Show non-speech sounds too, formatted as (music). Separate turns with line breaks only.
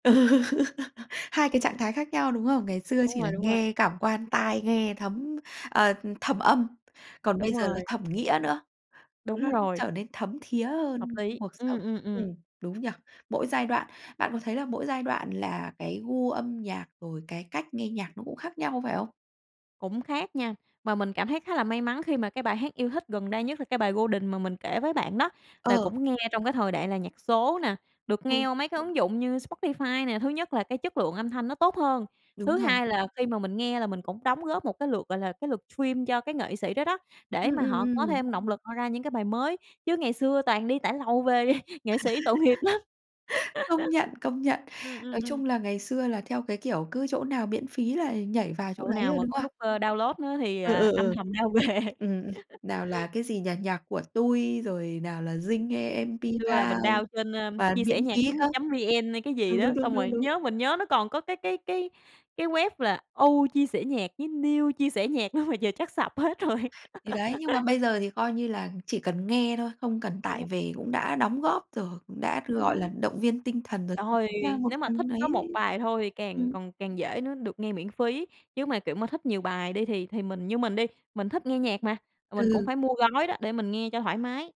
Ừ. (laughs) Hai cái
Ừm.
trạng thái khác nhau đúng không? Ngày xưa
Đúng
chỉ là
rồi, đúng rồi.
nghe cảm quan, tai nghe thấm ờ, ừ, thẩm âm, còn
Đúng
bây giờ là
rồi.
thẩm nghĩa nữa,
Đúng
(unintelligible)
rồi.
trở nên thấm thía hơn
Hợp lý,
cuộc
ừm,
sống.
ừm,
Ừm,
ừm.
đúng nhỉ? Mỗi giai đoạn bạn có thấy là mỗi giai đoạn là cái gu âm nhạc rồi cái cách nghe nhạc nó cũng khác nhau phải không?
Cũng khác nha. Mà mình cảm thấy khá là may mắn khi mà cái bài hát yêu thích gần đây nhất là cái bài "Golden" mà mình kể với bạn đó là
Ờ.
cũng nghe trong cái thời đại là nhạc số nè, được
Ừ.
nghe qua mấy cái ứng dụng như Spotify nè. Thứ nhất là cái chất lượng âm thanh nó tốt hơn.
Đúng
Thứ
rồi.
hai là khi mà mình nghe là mình cũng đóng góp một cái lượt gọi là cái lượt stream cho cái nghệ sĩ đó đó, để
Ừm,
mà
ừm,
họ có
ừm.
thêm động lực cho ra những cái bài mới, chứ ngày xưa toàn đi tải lầu về (chuckles) nghệ sĩ tội nghiệp
(laughs)
lắm.
Công nhận, công nhận.
(laughs) Ừm, ừm,
Nói
ừm.
chung là ngày xưa là theo cái kiểu cứ chỗ nào miễn phí là nhảy vào chỗ
Chỗ
đấy
nào
rồi,
mà
đúng
có
không?
nút, ơ, download nữa thì,
Ừ,
à,
ừ,
âm
ừ.
thầm down về.
Ừm, ừm,
(laughs)
nào là, cái gì nhỉ, NhacCuaTui, rồi nào là Zing M
Hồi xưa là
MP3,
mình down trên, ơ,
toàn miễn
chiasenhac
phí
chấm
không.
chấm VN hay cái gì
Đúng,
đó,
đúng, đúng,
xong
đúng,
rồi
đúng.
nhớ mình nhớ nó còn có cái cái cái cái web là oldchiasenhac với newchiasenhac đó mà giờ chắc sập hết rồi.
Thì đấy, nhưng mà
(laughs)
bây giờ thì coi như là chỉ cần nghe thôi, không cần
Đúng (unintelligible)
tải về cũng đã đóng góp rồi hoặc cũng đã, gọi là,
Ừm.
động viên tinh thần rồi (unintelligible)
Trời!
chính ra một
Nếu mà thích
phần
có một
đấy
bài thôi thì càng
ừm.
còn càng dễ nữa được nghe miễn phí, chứ mà, kiểu mà, thích nhiều bài đi thì thì mình như mình đi, mình thích nghe nhạc mà, mà mình cũng
Ừ.
phải mua gói đó để mình nghe cho thoải mái.